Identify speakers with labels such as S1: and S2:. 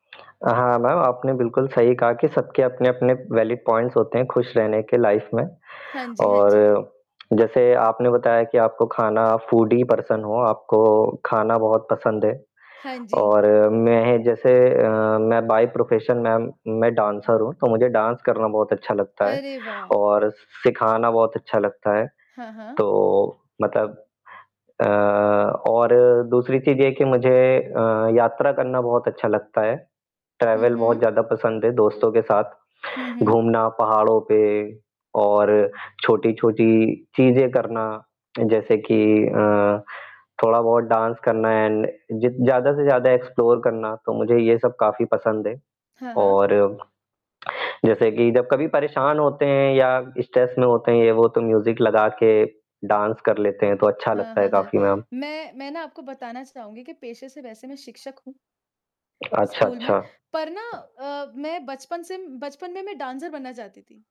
S1: हाँ मैम, आपने बिल्कुल सही कहा कि सबके अपने अपने वैलिड पॉइंट्स होते हैं खुश रहने के लाइफ में।
S2: हाँ जी, हाँ
S1: और
S2: जी।
S1: जैसे आपने बताया कि आपको खाना फूडी पर्सन हो आपको खाना बहुत पसंद है।
S2: हाँ जी।
S1: और मैं जैसे मैं अ, बाई प्रोफेशन मैम, मैं डांसर हूँ तो मुझे डांस करना बहुत अच्छा लगता है
S2: अरे वाह!
S1: और स सिखाना बहुत अच्छा लगता है,
S2: हाँ, हाँ।
S1: तो मतलब अ, और दूसरी चीज़ ये है की मुझे अ, यात्रा करना बहुत अच्छा लगता है,
S2: हुँ,
S1: ट्रैवल बहुत
S2: हुँ।
S1: ज़्यादा पसंद है दोस्तों के साथ,
S2: हुँ, हुँ।
S1: घूमना पहाड़ो पे और छोटी-छोटी चीज़ें करना जैसे की अ, थोड़ा बहुत डांस करना एंड ज ज़्यादा से ज़्यादा एक्सप्लोर करना, तो मुझे ये सब काफ़ी पसंद है।
S2: हाँ, हाँ।
S1: और, जैसे कि जब कभी परेशान होते हैं या स्ट्रेस में होते हैं वो तो म्यूज़िक लगा के डांस कर लेते हैं तो अच्छा
S2: हाँ,
S1: लगता है
S2: हाँ, हाँ,
S1: काफ़ी मैम।
S2: मैं मैं ना आपको बताना चाहूँगी कि पेशे से वैसे मैं शिक्षक हूँ।
S1: अच्छा,
S2: स्कूल में।
S1: अच्छा।
S2: पर ना अ, मैं बचपन से बचपन में मैं डांसर बनना चाहती थी।